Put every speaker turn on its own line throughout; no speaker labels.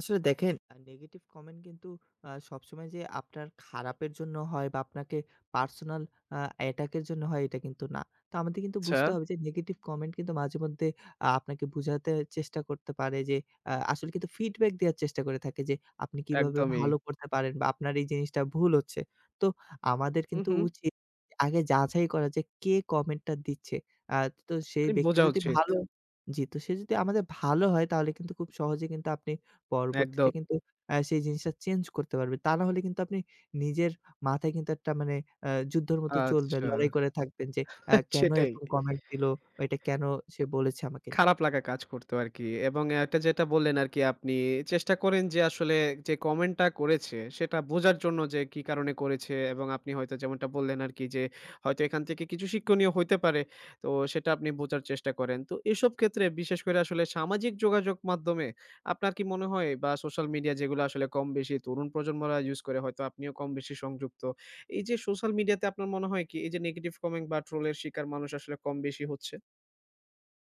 আসলে দেখেন আ negative comment কিন্তু আ সবসময় যে, আপনার খারাপের জন্য হয় বা আপনাকে পার্সোনাল আ অ্যাটাক এর জন্য হয় এটা কিন্তু না। তো আমাদের কিন্তু বুঝতে
আচ্ছা।
হবে যে, নেগেটিভ কমেন্ট কিন্তু মাঝেমধ্যে আ আপনাকে বোঝাতে চেষ্টা করতে পারে যে, আ আসলে কিন্তু ফিডব্যাক দেওয়ার চেষ্টা করে থাকে যে, আপনি কিভাবে
একদমই।
ভালো করতে পারেন বা আপনার এই জিনিসটা ভুল হচ্ছে। তো আমাদের
হু,
কিন্তু
হুম।
উচিত আগে যাচাই করা যে, কে কমেন্টটা দিচ্ছে। আ তো সেই
আরি
ব্যক্তি
বোঝা
যদি
উচিত।
ভালো জি, তো সে যদি আমাদের ভালো হয় তাহলে কিন্তু খুব সহজেই কিন্তু আপনি পরবর্তীতে
একদম।
কিন্তু আ সেই জিনিসটা চেঞ্জ করতে পারবেন। তা নাহলে কিন্তু আপনি নিজের মাথায় কিন্তু একটা মানে আ যুদ্ধের মতো চলবে।
আচ্ছা,
লড়াই করে থাকবেন যে, আ কেনো
সেটাই।
এরকম কমেন্ট দিলো, অ এটা কেনো সে বলেছে আমাকে নিয়ে।
খারাপ লাগা কাজ করতো আরকি এবং এটা যেটা বললেন, আরকি আপনি চেষ্টা করেন যে, আসলে যে, কমেন্টটা করেছে সেটা বোঝার জন্য যে, কি কারণে করেছে এবং আপনি হয়তো যেমনটা বললেন আরকি যে, হয়তো এখান থেকে কিছু শিক্ষনীয় হইতে পারে। তো সেটা আপনি বোঝার চেষ্টা করেন। তো এসব ক্ষেত্রে বিশেষ করে আসলে সামাজিক যোগাযোগ মাধ্যমে আপনার কি মনে হয় বা সোশ্যাল মিডিয়া যেগুলো আসলে কম বেশি তরুণ প্রজন্মরা ইউজ করে হয়তো আপনিও কম বেশি সংযুক্ত। এইযে সোশ্যাল মিডিয়াতে আপনার মনে হয় কি এইযে নেগেটিভ কমেন্ট বা ট্রোল শিকার মানুষ আসলে কম বেশি হচ্ছে?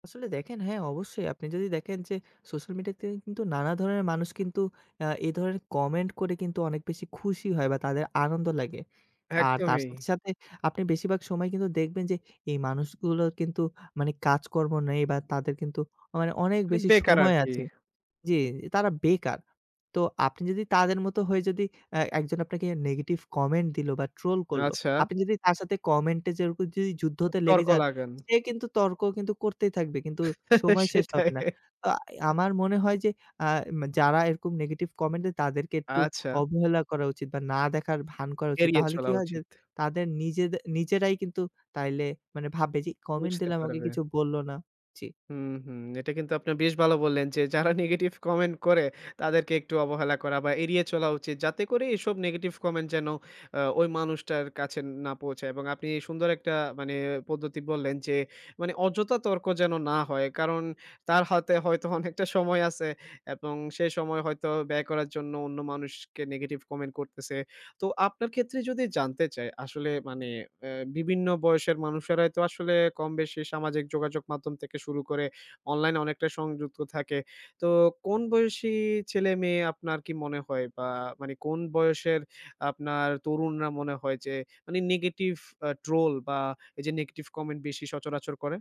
আসলে দেখেন হ্যাঁ, অবশ্যই আপনি যদি দেখেন যে, সোশ্যাল মিডিয়াতে কিন্তু নানা ধরণের মানুষ কিন্তু আ এই ধরনের কমেন্ট করে কিন্তু অনেক বেশি খুশি হয় বা তাদের আনন্দ লাগে। আর তার সাথে,
একদমই।
সাথে আপনি বেশিরভাগ সময় কিন্তু দেখবেন যে, এই মানুষগুলোর কিন্তু মানে কাজকর্ম নেই বা তাদের কিন্তু মানে অনেক
মানে,
বেশি
বেকার
সময়
আরকি।
আছে জি, তারা বেকার। তো আপনি যদি তাদের মতো হয়ে যদি অ্যা একজন আপনাকে নেগেটিভ কমেন্ট দিলো বা ট্রোল করলো,
আচ্ছা।
আপনি যদি তার সাথে কমেন্ট এ যেয়ে যদি
অ
যুদ্ধতে লেগে
তর্ক
যান
লাগেন।
সে কিন্তু তর্ক কিন্তু করতেই থাকবে। কিন্তু সময় শেষ হবে
সেটাই।
না। আ আমার মনে হয় যে, আ মে যারা এরকম নেগেটিভ কমেন্ট দেয় তাদেরকে একটু
আচ্ছা।
অবহেলা করা উচিত বা না দেখার ভান করা উচিত।
এড়িয়ে
তাহলে কি
চলা
হয় যে,
উচিত।
তাদের নিজেদে নিজেরাই কিন্তু তাইলে মানে ভাববে যে, কমেন্ট
বুঝতে
দিলে আমাকে
পারবে।
কিছু বলল না, জি।
হুম, হুম, এটা কিন্তু আপনারা বেশ ভালো বললেন যে, যারা নেগেটিভ কমেন্ট করে তাদেরকে একটু অবহেলা করা বা এড়িয়ে চলা উচিত। যাতে করে এসব নেগেটিভ কমেন্ট যেন অ্যা ওই মানুষটার কাছে না পৌঁছায় এবং আপনি সুন্দর একটা মানে পদ্ধতি বললেন, যে, মানে অযথা তর্ক যেন না হয়। কারণ তার হাতে হয়তো অনেকটা সময় আছে এবং সেই সময় হয়তো ব্যয় করার জন্য অন্য মানুষকে নেগেটিভ কমেন্ট করতেছে। তো আপনার ক্ষেত্রে যদি জানতে চাই আসলে মানে অ্যা বিভিন্ন বয়সের মানুষেরাই তো আসলে কম-বেশি সামাজিক যোগাযোগ মাধ্যম থেকে শুরু করে অনলাইনে অনেকটাই সংযুক্ত থাকে। তো কোন বয়সী ছেলে-মেয়ে আপনার কি মনে হয় বা মানে কোন বয়সের আপনার তরুণরা মনে হয় যে, মানে নেগেটিভ ট্রোল বা এইযে নেগেটিভ কমেন্ট বেশি সচরাচর করে?